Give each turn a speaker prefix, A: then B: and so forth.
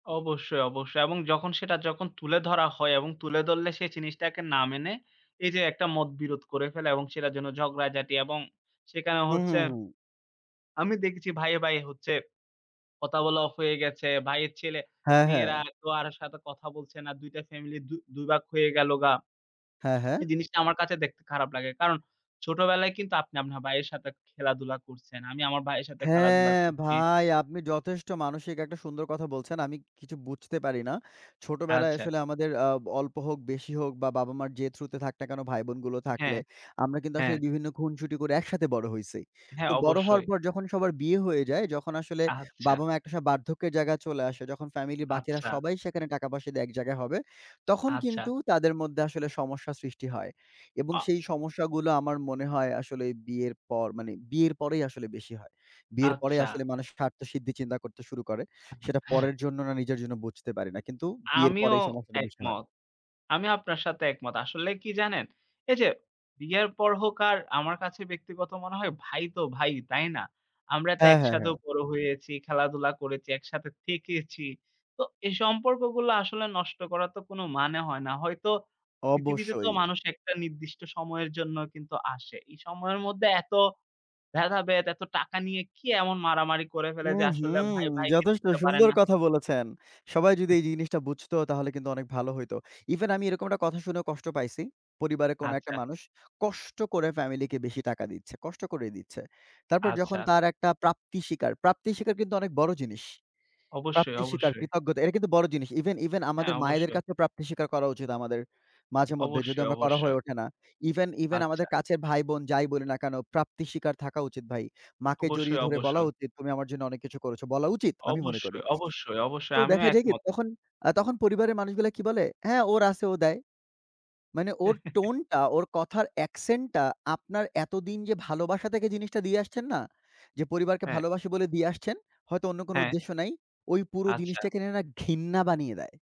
A: অবশ্যই, অবশ্যই এবং যখন সেটা যখন তুলে ধরা হয় এবং তুলে ধরলে সে জিনিসটাকে না মেনে এই যে একটা মতবিরোধ করে ফেলে। এবং সেটার জন্য ঝগড়াঝাটি এবং সেখানে
B: হু, হু,
A: হচ্ছে
B: হু।
A: আমি দেখছি ভাইয়ে, ভাইয়ে, হচ্ছে কথা বলা অফ হয়ে গেছে। ভাইয়ের
B: হ্যাঁ, হ্যাঁ।
A: ছেলে-মেয়েরা কেউ আরও সাথে কথা বলছে না। ২ টা ফ্যামেলি দু দুই ভাগ হয়ে গেল গা।
B: হ্যাঁ, হ্যাঁ।
A: এই জিনিসটা আমার কাছে দেখতে খারাপ লাগে। কারণ ছোটবেলায় কিন্তু আপনি আপনার ভাইয়ের সাথে খেলাধুলা করছেন। আমি আমার ভাইয়ের সাথে খেলাধুলা
B: হ্যাঁ,
A: করছি।
B: ভাই আপনি যথেষ্ট মানসিক একটা সুন্দর কথা বলছেন। আমি কিছু বুঝতে পারি না। ছোটবেলায়
A: আচ্ছা।
B: আসলে আমাদের, আ অল্প হোক বেশি হোক বা বাবা-মার যে থ্রুতে থাক না কেনো, ভাইবোনগুলো
A: হ্যাঁ,
B: থাকলে আমরা কিন্তু
A: হ্যাঁ।
B: আসলে বিভিন্ন খুনসুটি করে একসাথে বড় হইছি।
A: হ্যাঁ,
B: তো বড় হওয়ার
A: অবশ্যই।
B: পর যখন সবার বিয়ে হয়ে যায়, যখন আসলে
A: আচ্ছা।
B: বাবা-মা একটা স বার্ধক্যের জায়গায় চলে আসে, যখন ফ্যামিলির বাকিরা
A: আচ্ছা।
B: সবাই সেখানে টাকা-পয়সা দিয়ে এক জায়গায় হবে, তখন
A: আচ্ছা।
B: কিন্তু তাদের মধ্যে আসলে সমস্যা সৃষ্টি হয়। এবং
A: আ
B: সেই সমস্যাগুলো আমার মনে হয় আসলে বিয়ের পর মানে বিয়ের পরেই আসলে বেশি হয়। বিয়ের পরে
A: আচ্ছা।
B: আসলে মানুষ স্বার্থসিদ্ধি চিন্তা করতে শুরু করে। সেটা পরের জন্য না নিজের জন্য বুঝতে পারি না। কিন্তু বিয়ের পরে
A: আমিও
B: এই সমস্যাটা বেশি হয়।
A: একমত। আমি আপনার সাথে একমত। আসলে কি জানেন? এইযে বিয়ের পর হোক আর আমার কাছে ব্যক্তিগত মনে হয় ভাই, তো ভাই, তাই না? আমরা তো
B: হ্যাঁ, হ্যাঁ,
A: একসাথেও
B: হ্যাঁ।
A: বড় হয়েছি, খেলাধুলা করেছি, একসাথে থেকেছি। তো এই সম্পর্কগুলা আসলে নষ্ট করার তো কোনো মানে হয় না। হয়তো পৃথিবীতে তো
B: অবশ্যই।
A: মানুষ একটা নির্দিষ্ট সময়ের জন্য কিন্তু আসে। এই সময়ের মধ্যে এত ভেদাভেদ, এত টাকা নিয়ে কি এমন মারামারি করে ফেলে যে
B: উহু!
A: আসলে ভাই, ভাইকে
B: যথেষ্ট
A: চিনতে পারে
B: সুন্দর
A: না?
B: কথা বলেছেন। সবাই যদি এই জিনিসটা বুঝত তাহলে কিন্তু অনেক ভালো হইত। ইভেন আমি এরকম একটা কথা শুনেও কষ্ট পাইছি। পরিবারের কোনো একটা
A: আচ্ছা।
B: মানুষ কষ্ট করে ফ্যামিলিকে বেশি টাকা দিচ্ছে, কষ্ট করেই দিচ্ছে। তারপর যখন
A: আচ্ছা।
B: তার একটা প্রাপ্তি স্বীকার, প্রাপ্তি স্বীকার কিন্তু অনেক বড় জিনিস।
A: অবশ্যই,
B: প্রাপ্তি স্বীকার,
A: অবশ্যই।
B: কৃতজ্ঞতা এটা কিন্তু বড় জিনিস। ইভেন ইভেন,
A: হ্যাঁ,
B: আমাদের মায়েদের
A: অবশ্যই।
B: কাছে প্রাপ্তি স্বীকার করা উচিত আমাদের মাঝেমধ্যে। যদিও
A: অবশ্যই,
B: আমরা করা হয়ে
A: অবশ্যই।
B: ওঠে না। ইভেন ইভেন, আমাদের
A: আচ্ছা।
B: কাছের ভাইবোন যাই বলি না কেনো প্রাপ্তি স্বীকার থাকা উচিত ভাই। মাকে জড়িয়ে
A: অবশ্যই,
B: ধরে বলা
A: অবশ্যই।
B: উচিত, "তুমি আমার জন্য অনেক কিছু করেছ।" বলা উচিত আমি মনে করি।
A: অবশ্যই, অবশ্যই,
B: তো
A: অবশ্যই আমিও
B: দেখা যায় কি
A: একমত।
B: তখন, আ তখন পরিবারের মানুষগুলা কি বলে? হ্যাঁ, ওর আছে ও দেয়। মানে ওর টোনটা, ওর কথার একসেন্টটা আপনার এতদিন যে ভালোবাসা থেকে জিনিসটা দিয়ে আসছেন না, যে পরিবারকে
A: হ্যাঁ।
B: ভালোবাসে বলে দিয়ে আসছেন, হয়তো অন্য কোনো
A: হ্যাঁ।
B: উদ্দেশ্য নাই, ওই পুরো জিনিসটা
A: আচ্ছা।
B: কিনে না নিয়ে না ঘৃণা বানিয়ে দেয়।